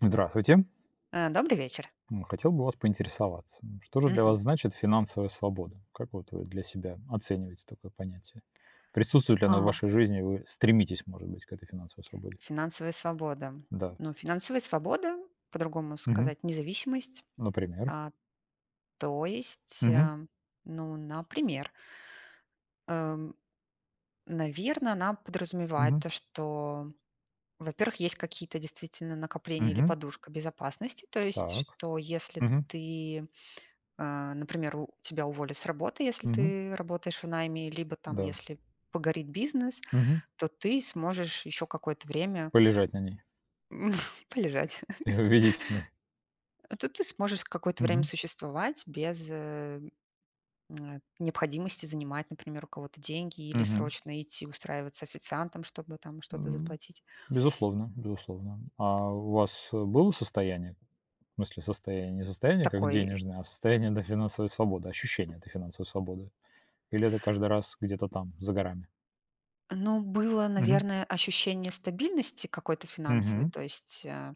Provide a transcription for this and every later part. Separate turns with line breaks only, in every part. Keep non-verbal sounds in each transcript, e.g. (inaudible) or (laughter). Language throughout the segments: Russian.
Здравствуйте.
А, добрый вечер.
М, хотел бы у вас поинтересоваться, н что же для
Мгм.
вас значит финансовая свобода? Как вот вы для себя оцениваете такое понятие? Присутствует ли оно в
А.
вашей жизни, вы стремитесь, может быть, к этой финансовой свободе?
Финансовая свобода.
Да.
Ну, финансовая свобода, по-другому
Мгм.
сказать, независимость.
Например?
А. То есть,
Мгм.
а, ну, например. эм, наверно, она подразумевает
Мгм.
то, что, во-первых, есть какие-то действительно накопления или
Мгм.
подушка безопасности, то есть
Так.
что если
Мгм.
ты, а, например, у тебя уволят с работы, если
Мгм.
ты работаешь в найме, либо там,
Да.
если погорит бизнес,
Мгм.
то ты сможешь ещё какое-то время
Полежать на ней.
м, полежать.
И
(laughs)
увидеть сны.
То ты сможешь с какое-то время
Мгм.
существовать без, э, (smacks lips) необходимости занимать, например, у кого-то деньги или
Мгм.
срочно идти устраиваться официантом, чтобы там что-то
М.
заплатить.
Безусловно. Безусловно. А у вас, э, было состояние? В смысле состояние, не состояние как
Такой
денежное, а состояние, да, финансовой свободы, ощущение этой финансовой свободы? Или это каждый раз где-то там, за горами?
Ну, было,
Мгм.
наверное, ощущение стабильности какой-то финансовой,
Мгм.
то есть, а,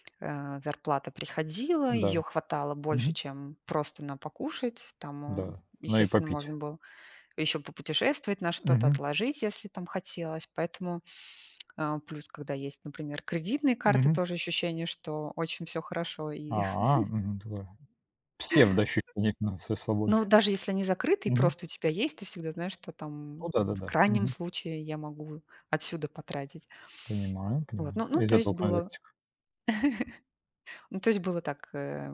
(tsk) а, зарплата приходила, её
Да.
хватало больше,
Мгм.
чем просто на покушать. Там, а,
Да. Ну и
естественно,
попить.
можно было ещё попутешествовать на что-то,
Мгм.
отложить, если там хотелось. Поэтому, (tsk) а, плюс, когда есть, например, кредитные карты,
Мгм.
тоже ощущение, что очень всё хорошо и
А,
(chuckles)
мгм, (unintelligible) Псевдоощущение финансовой
(chuckles)
свободы.
Ну, даже если они закрыты и
Мгм.
просто у тебя есть, ты всегда знаешь, что
Ну
там
да,
в
да-да.
крайнем
Мгм.
случае я могу отсюда потратить.
Понимаю
Вот,
понимаю.
ну ну
Из
то есть
этого
было
конвертика.
(chuckles) Ну, то есть было так, э,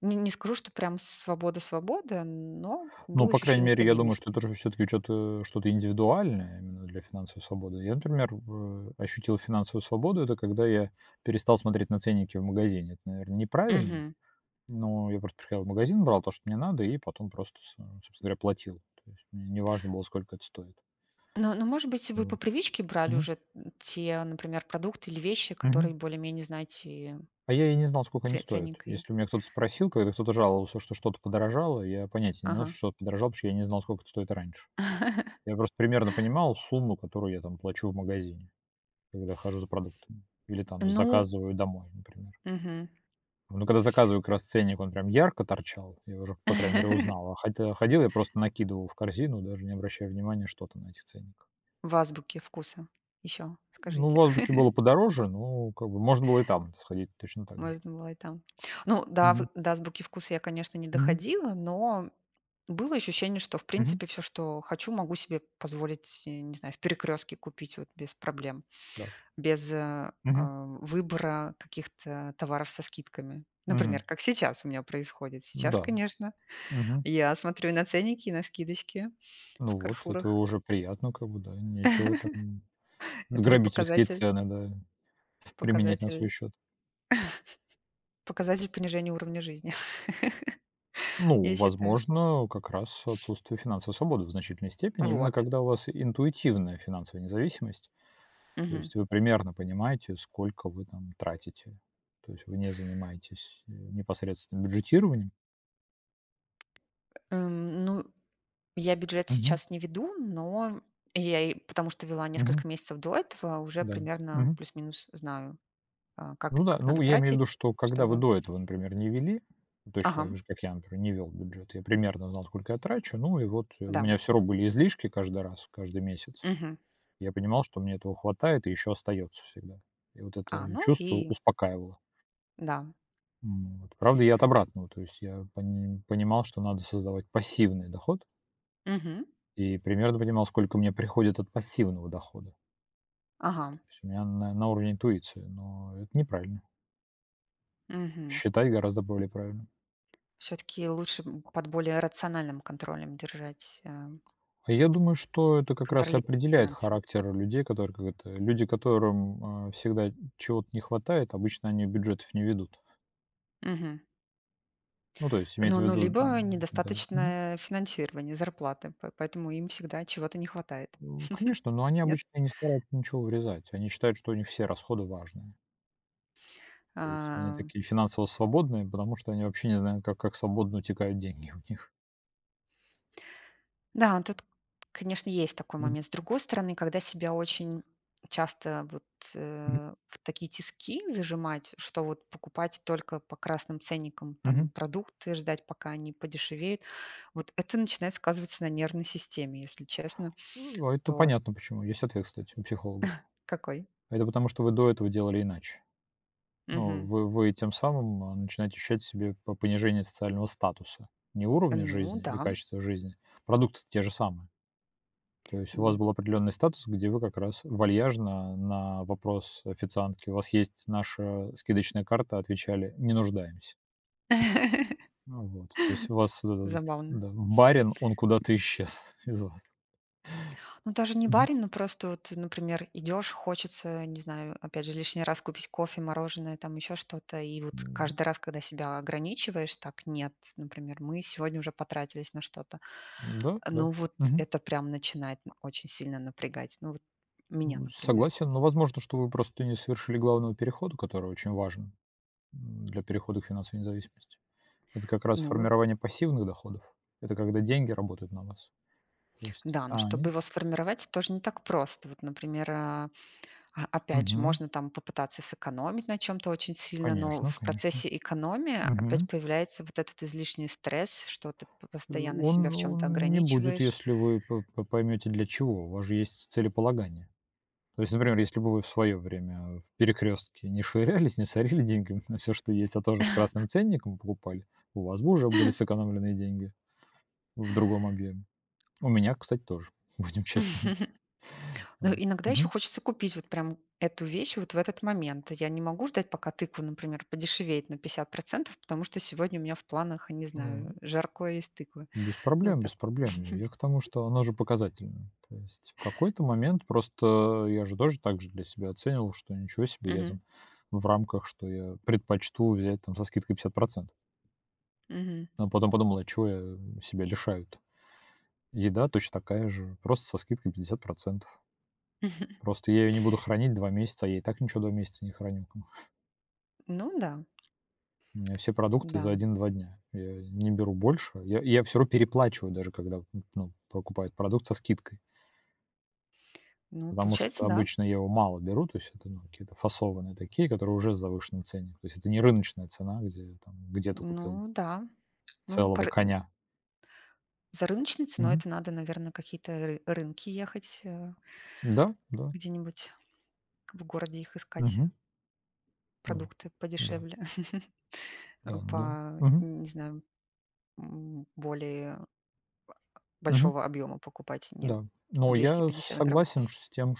не не скажу, что прям с свобода свобода, но
Ну,
было
по крайней
ощущение
мере, я думаю, что
стабильности.
это уже всё-таки чё-то что-то индивидуальное именно для финансовой свободы. Я, например, в, э, ощутил финансовую свободу, это когда я перестал смотреть на ценники в магазине. Это, наверно, неправильно,
Мгм.
но я просто приходил в магазин, брал то, что мне надо, и потом просто, со собственно говоря, платил. То есть мне не важно было, сколько это стоит.
Но но, может быть, вы по
Вот,
привычке брали
мгм.
уже н те, например, продукты или вещи, которые
Мгм.
более-менее, знаете.
А я и не знал, сколько они
Це
стоят.
ценник и
Если у меня кто-то спросил, когда кто-то жаловался, что что-то подорожало, я понятия не имел, что
Ага.
что-то подорожало, потому я не знал, сколько это стоит раньше.
(chuckles)
Я просто примерно понимал сумму, которую я там плачу в магазине, когда хожу за продуктами или там
Ну
заказываю домой, например.
Мгм.
Ну, когда я заказываю, как раз ценник, он прям ярко торчал, я его уже, по крайней мере,
(chuckles)
узнал. А ходил я ходил я просто накидывал в корзину, даже не обращая внимания, что там на этих ценниках.
В "Азбуке вкуса" еще
Ну,
скажите.
в "Азбуке" было
(chuckles)
подороже, но как бы можно было и там сходить точно так же.
Можно было и там. Ну да, в
Мгм.
до "Азбуки Вкуса" я, конечно, не
Мгм.
доходила, но было ощущение, что в
Мгм.
принципе всё, что хочу, могу себе позволить и, не знаю, в "Перекрёстке" купить вот без проблем,
Да.
без, а,
Мгм.
а, выбора каких-то товаров со скидками. Например,
Мгм.
как сейчас у меня происходит. Сейчас,
Да,
конечно,
мгм.
я смотрю и на ценники, на скидочки в
Ну вот. Это
"Карфурах".
уже приятно как бы, да. Нечего там
(chuckles)
в
Это уже
грабительские
показатель.
цены, да, применять на свой
Показатель
счет.
(chuckles) показатель понижения уровня жизни, (giggles)
Ну,
я считаю.
возможно, как раз отсутствие финансовой свободы в значительной степени, именно
Вот.
когда у вас интуитивная финансовая независимость. То
Мгм.
есть вы примерно понимаете, сколько вы там тратите. То есть вы не занимаетесь, м, непосредственно бюджетированием.
Эм, ну, я бюджет
Мгм.
сейчас не веду, но я я и потому что вела
Мгм.
несколько месяцев до этого, уже
Да,
примерно
мгм.
плюс-минус знаю, а, как
Ну да,
как надо
ну, я имею в виду,
тратить,
что когда вы
чтобы
до этого, например, не вели, точно
Ага.
так же, как я, например, не вел бюджет, я примерно знал, сколько я трачу, ну и вот, э, у
Да.
меня всё равно были излишки каждый раз, каждый месяц.
Мгм.
Я понимал, что мне этого хватает и еще остается всегда, и вот
А,
это
ну
чувство
и
успокаивало.
Да.
М, вот. Правда, я от обратного, то есть я пони понимал, что надо создавать пассивный доход.
Мгм.
И примерно понимал, сколько мне приходит от пассивного дохода.
Ага.
То есть у меня на на уровне интуиции, но это неправильно.
Мгм.
Считать гораздо более правильно.
Всё-таки лучше, м, под более рациональным контролем держать, э
А я думаю, что это как
(smacks lips)
раз и
Контролировать
определяет
финансы.
характер людей, которых как это, люди, которым, а, всегда чего-то не хватает, обычно они бюджетов не ведут.
Мгм.
Ну, то есть
Ну
имеется в
ну
виду у, в
либо,
М-да, мгм.
недостаточное финансирование, зарплаты, по поэтому им всегда чего-то не хватает.
О,
(chuckles)
конечно, но они
Нет?
обычно не стараются ничего урезать. Они считают, что у них все расходы важные. То есть они
А.
такие финансово свободные, потому что они вообще не знают, как как свободно утекают деньги у них.
Да, тут, конечно, есть такой
Мгм.
момент. С другой стороны, когда себя очень часто, вот,
(unintelligible)
э, в такие тиски зажимать, что вот покупать только по красным ценникам там
Мгм.
продукты, ждать, пока они подешевеют, вот это начинает сказываться на нервной системе, если честно.
Э, а это
То
понятно почему. Есть ответ, кстати, у психологов.
(chuckles) Какой?
Это потому, что вы до этого делали иначе. Но
Мгм.
вы вы тем самым, а, начинаете ощущать в себе по понижение социального статуса. Не
Э,
уровня
ну
жизни и
да.
качества жизни. Продукты-то те же самые. То есть у вас
Мгм.
был определенный статус, где вы как раз вальяжно на вопрос официантки: "У вас есть наша скидочная карта?- отвечали:- Не нуждаемся".
(laughs)
А вот, то есть у вас вот этот вот,
Забавно.
да, барин, он куда-то исчез из вас.
Ну, даже не
Мгм.
барин, но просто вот, например, идёшь, хочется, не знаю, опять же лишний раз купить кофе, мороженое, там ещё что-то. И вот
М.
каждый раз, когда себя ограничиваешь так: "Нет, например, мы сегодня уже потратились на что-то".
М-да,
Э,
да.
ну, вот
Мгм.
это прям начинает н очень сильно напрягать. Ну, вот меня,
М,
например.
согласен, но, возможно, что вы просто не совершили главного перехода, который очень важен, м, для перехода к финансовой независимости. Это как
Э,
раз
ну
формирование пассивных доходов. Это когда деньги работают на вас. То есть,
Да, но
а,
чтобы
они
его сформировать, тоже не так просто. Вот, например, а, а, опять же,
Мгм.
можно там попытаться сэкономить на чём-то очень сильно, но
Конечно,
в
конечно.
процессе экономии опять
Мгм.
появляется вот этот излишний стресс, что ты по
Э.
постоянно себя
Он
в чём-то
он не будет,
ограничиваешь.
если вы по по поймете для чего. У вас же есть целеполагание. То есть, например, если бы вы в свое время, э, в "Перекрестке" не швырялись, не сорили деньгами на всё, что есть, а тоже с
(chuckles)
красным ценником покупали, у вас бы уже были
(chuckles)
сэкономленные деньги в другом объеме. У меня, кстати, тоже, будем честными.
(chuckles) Ну,
М,
иногда ещё
мгм.
хочется купить вот прям эту вещь вот в этот момент. Я не могу ждать, пока тыква, например, подешевеет на 50, потому что сегодня у меня в планах, не знаю,
М.
жаркое из тыквы.
Без
Ну
проблем,
так.
без проблем. Ну,
(chuckles)
я к тому, что она же показательная. То есть в какой-то момент просто я же тоже так же для себя оценивал, что ничего себе, я
Мгм.
там в рамках, что я предпочту взять там со скидкой 50.
Мгм.
А потом подумал: "А чего я себя лишаю-то?" Еда точь такая же, просто со скидкой 50.
(chuckles)
Просто я ее не буду хранить 2 месяца, я и так ничего 2 месяца не храню как бы. (chuckles)
Ну да.
У меня все продукты за
Да.
1-2 дня, я не беру больше, я я всё равно переплачиваю, даже когда н ну, покупаю продукт со скидкой.
Ну,
Потому что
получается, да.
обычно я его мало беру, то есть это, ну, какие-то фасованные такие, которые уже с завышенным ценником, то есть это не рыночная цена, где там где ты купил
Ну да. Ну, по
целого
ры м.
коня.
За рыночной ценой
Мгм.
это надо, наверно, какие-то р рынки ехать, э.
Да да.
Где-нибудь в городе их искать.
Мгм. Вот
Продукты
да.
подешевле, (chuckles) а,
Да, ну,
по
мгм.
н не знаю, м, более,
Мгм.
большого объёма покупать, не
Да, но
двести
я
пятьдесят грамм.
согласен с тем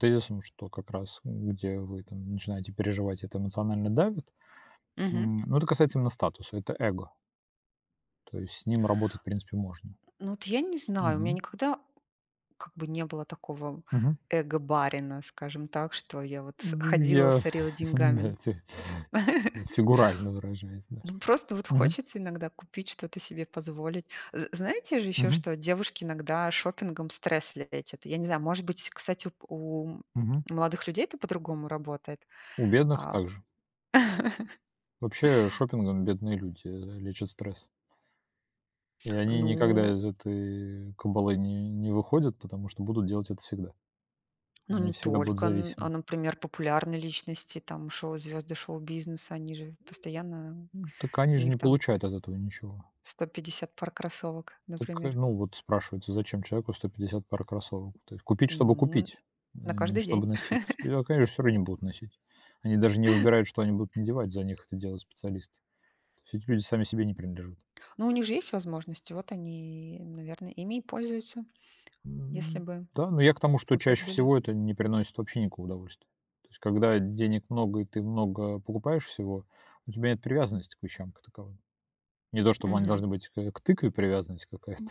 тезисом, что как раз, э, где вы там начинаете переживать, это эмоционально давит,
Мгм.
м. Ну, это касается именно статуса. Это эго. То есть с ним работать, в принципе, можно.
Ну, вот я не знаю, у меня
Мгм.
никогда, как бы, не было такого
Мгм.
эго барина, скажем так, что я вот, с
М,
ходила,
я,
сорила
(chuckles)
деньгами, ну.
да да.
(chuckles)
Фигурально выражаясь, да,
Ну, просто вот
мгм.
хочется иногда купить, что-то себе позволить. З знаете же ещё,
Мгм.
что девушки иногда шопингом стресс лечат, я не знаю, может быть, кстати, у
Мгм.
у молодых людей это по-другому работает,
У бедных
а
также.
(chuckles)
Вообще, шопингом бедные люди, э, лечат стресс. И они никогда
Ну
из этой кабалы не не выходят, потому что будут делать это всегда.
Ну,
Они
не
всегда будут
только, н а,
зависимы.
например, популярные личности, там, шоу звезды шоу-бизнеса, они же постоянно,
Так они
у
же
них
не
там
получают от этого ничего.
150 пар кроссовок,
Так, э,
например.
ну вот спрашивается, зачем человеку 150 пар кроссовок то есть? Купить, чтобы
Ну,
купить,
на
н не
каждый
чтобы
день.
носить? И,
(chuckles)
а, конечно, всё равно не будут носить. Они даже не выбирают, что они будут надевать, за них это делают специалисты. То есть эти люди сами себе не принадлежат.
Ну, у них же есть возможности, вот они, и, наверное, ими и пользуются,
Н
если
ну
бы
да, ну, я к тому, что
у всех
чаще
были.
всего это не приносит вообще никакого удовольствия. То есть, когда денег много и ты много покупаешь всего, у тебя нет привязанности к вещам как таковым. Не то чтобы они
Мгм.
должны быть к, э, тыкве привязанность какая-то.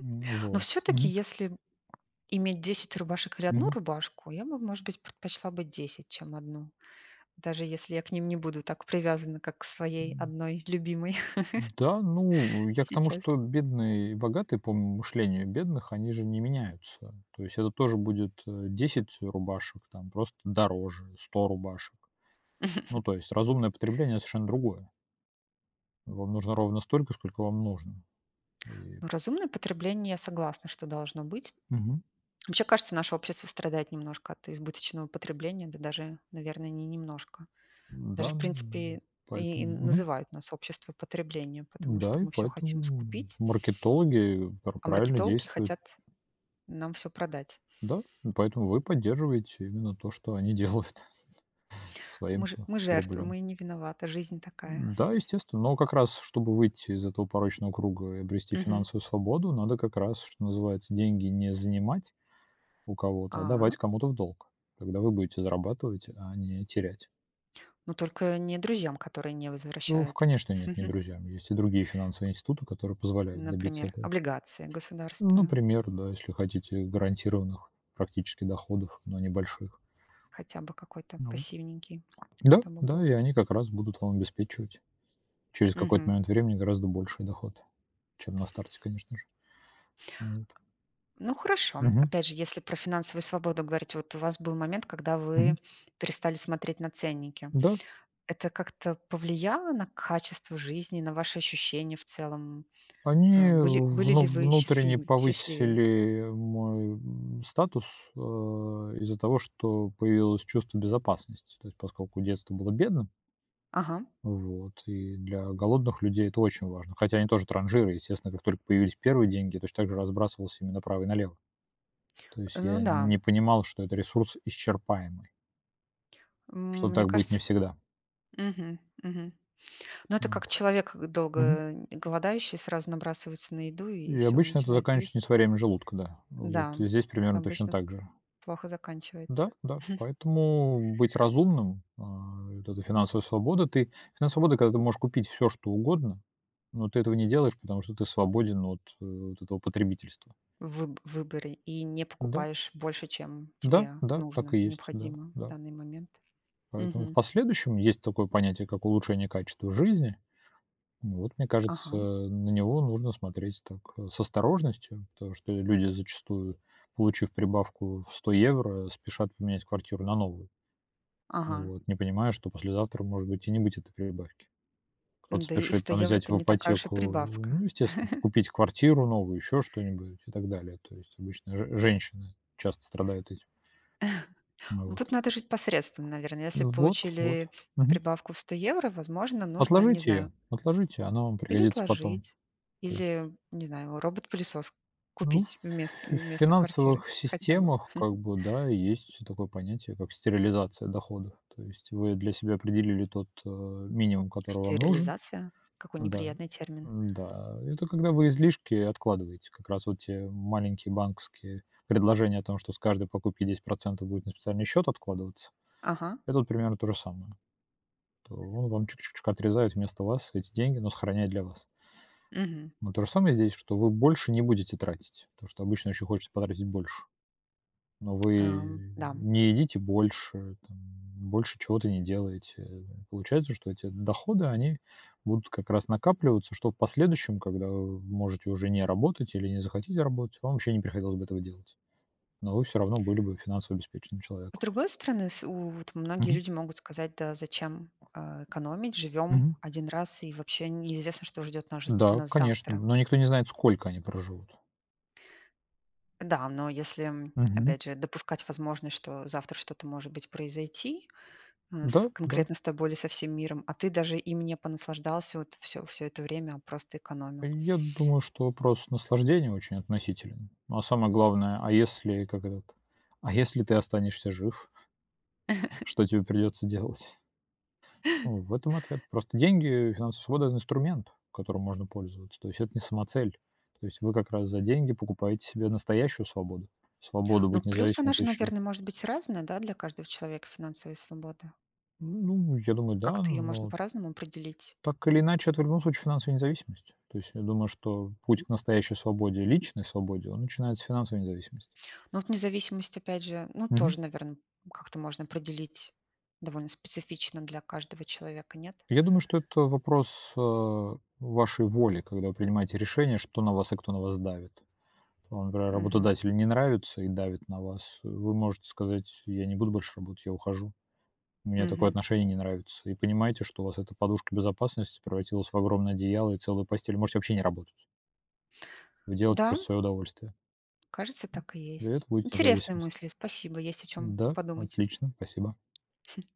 Ну
Но
вот,
всё-таки,
мгм.
если иметь 10 рубашек или 1
Мгм.
рубашку, я бы, может быть, предпочла бы 10, чем 1, даже если я к ним не буду так привязана, как к своей
М.
1 любимой (chuckles)
Да, ну, я к тому,
сейчас.
что бедные и богатые по мышлению бедных, они же не меняются. То есть это тоже будет, э, 10 рубашек, там, просто дороже, 100 рубашек. Ну,
(chuckles)
то есть разумное потребление- это совершенно другое. Вам нужно ровно столько, сколько вам нужно и
Ну, разумное потребление, я согласна, что должно быть.
Мгм.
Вообще, кажется, наше общество страдает немножко от избыточного потребления. Да, даже, наверное, не немножко, даже,
М-да,
в принципе,
м,
и и
поэтому, мгм.
называют нас общество потребления, потому что
Да, и
мы всё хотим
поэтому м
скупить.
маркетологи, э, п
А
правильно
маркетологи
действуют.
хотят нам всё продать.
Да, и поэтому вы и поддерживаете именно то, что они делают
Мы
своим,
ж
э,
мы жертвы,
рублём.
мы не виноваты, жизнь такая.
М-да,
(chuckles)
естественно, но как раз, чтобы выйти из этого порочного круга и обрести
Мгм.
финансовую свободу, надо как раз, что называется, деньги не занимать у кого-то, а давать
А?
кому-то в долг. Тогда вы будете зарабатывать, а не терять.
Ну, только не друзьям, которые не
Э, в,
возвращают.
конечно, нет, не
(chuckles)
друзьям. Есть и другие финансовые институты, которые позволяют добиться
Например,
этого.
облигации
Ну,
государства.
например, да, если хотите гарантированных практически доходов, но небольших.
Хотя бы какой-то
Ну
пассивненький,
да,
чтобы
да,
был.
и они как раз будут вам обеспечивать через какой-то
Мгм.
момент времени гораздо больший доход, чем на старте, конечно же. Вот.
Ну хорошо,
Мгм.
опять же, если про финансовую свободу говорите, вот у вас был момент, когда вы
Мгм.
перестали смотреть на ценники.
Да.
Это как-то повлияло на качество жизни, на ваши ощущения в целом? Э,
Они
были были
вну
ли вы
внутренне
счастлим счастливее?
повысили мой м статус, а, из-за того, что появилось чувство безопасности, то есть поскольку детство было бедным.
Ага.
Вот и для голодных людей это очень важно, хотя они тоже транжиры. Естественно, как только появились первые деньги, точно так же разбрасывался ими направо и налево. То есть
Ну
я н
да.
не понимал, что это ресурс исчерпаемый.
М,
Что
мне
так будет не
кажется,
всегда.
мгм, мгм. Ну, это
М,
как человек, э, долго,
мгм.
э, голодающий, сразу набрасывается на еду и
И
всё
обычно это
начинает есть.
заканчивается несварением желудка, да, э, вот.
Да,
И здесь примерно точно
обычно
так же.
плохо заканчивается.
Да, да.
(chuckles)
Поэтому, быть разумным, а, и вот эта финансовая свобода. Ты финансовая свобода, когда ты можешь купить всё что угодно, но ты этого не делаешь, потому что ты свободен, ну, вот от вот этого потребительства.
Вы в выборе и не
Да.
покупаешь больше, чем
Да
тебе
да, так
нужно,
и есть, да
необходимо в
да.
данный момент.
Поэтому в
Мгм.
последующем есть такое понятие, как улучшение качества жизни. М, вот мне кажется,
Ага.
э, на него нужно смотреть так, э, с осторожностью, потому что, э, люди зачастую, получив прибавку в 100 евро, спешат поменять квартиру на новую.
Ага.
Вот, не понимая, что послезавтра может быть и не быть этой прибавки. Кто-то
Да, и
спешит
100
там
евро-
взять
это
в
не такая уж и
ипотеку,
прибавка.
ну, естественно, п
(chuckles)
купить квартиру новую, ещё что-нибудь и так далее. То есть обычно ж женщины часто страдают этим.
(chuckles) Ну,
Вот.
тут надо жить по средствам, наверное. Если
М, вот вот,
получили
мгм.
прибавку в 100 евро, возможно, нужно, не
Отложите
знаю.
её, отложите она вам
Или
пригодится потом,
отложить,
то есть.
или, не знаю, робот-пылесос
Ну, в
купить вмест э,
фи э,
вместо квартиры
финансовых
хотя бы.
системах, как
(chuckles)
бы, да, есть такое понятие, как стерилизация доходов. То есть вы для себя определили тот, э, минимум, который вам нужен,
Стерилизация- какой
да.
неприятный термин.
М, да, это когда вы излишки откладываете. Как раз вот те м маленькие банковские предложения о том, что с каждой покупки 10 будет на специальный счёт откладываться.
Ага.
Это вот примерно то же самое. То он вам чуть-чуточку отрезает вместо вас эти деньги, но сохраняет для вас.
Мгм.
Но то же самое и здесь, что вы больше не будете тратить, потому что обычно еще хочется потратить больше, но
А,
вы, э,
да.
не едите больше, там, м, больше чего-то не делаете. Получается, что эти доходы, они будут как раз накапливаться, что в последующем, когда вы можете уже не работать или не захотите работать, вам вообще не приходилось бы этого делать, но вы всё равно были бы финансово обеспеченным
С
человеком.
другой стороны, с у вот многие
Мгм.
люди могут сказать: "Да зачем, а, экономить, живём
Мгм.
1 раз и вообще неизвестно, что ждёт наж
Да,
нас
конечно,
завтра".
но никто не знает, сколько они проживут.
Да, но, если
Мгм.
опять же допускать возможность, что завтра что-то, может быть, произойти, э, с
Да да.
конкретно с тобой или со всем миром, а ты даже им не понаслаждался, вот, всё всё это время, а просто
Э,
экономил.
я думаю, что вопрос наслаждения очень относителен, но, а самое главное, а если, как этот, а если ты останешься жив,
(chuckles)
что тебе придётся делать? Э, в этом ответ. Просто деньги, э, финансовая свобода- это инструмент, которым можно пользоваться. То есть это не самоцель. То есть вы как раз за деньги покупаете себе настоящую свободу, свободу
Ну,
быть
плюсы
независимым
она
от
же,
вещей.
наверно, может быть разная, да, для каждого человека- финансовая свобода.
Ну, я думаю, да,
Как-то её можно
но
по-разному определить.
так или иначе, это в любом случае финансовая независимость. То есть я думаю, что путь к настоящей свободе, личной свободе, он начинается с финансовой независимости.
Ну, вот независимость, опять же, ну,
Мгм.
тоже, наверно, как-то можно определить довольно специфично для каждого человека, нет?
Я думаю, что это вопрос, а, вашей воли, когда вы принимаете решение, что на вас и кто на вас давит. А, например,
Мгм.
работодателю не нравится и давит на вас. Э, вы можете сказать: "Э, я не буду больше работать, я ухожу. Мне такое
Мгм.
отношение не нравится". И понимаете, что у вас эта подушка безопасности превратилась в огромное одеяло и целую постель. Вы можете вообще не работать. Вы делаете это
Да.
просто в своё удовольствие.
Кажется, так и
И
есть.
это будет
Интересные
независимость.
мысли. Спасибо, есть о чём
Да,
подумать.
отлично, спасибо.
(chuckles)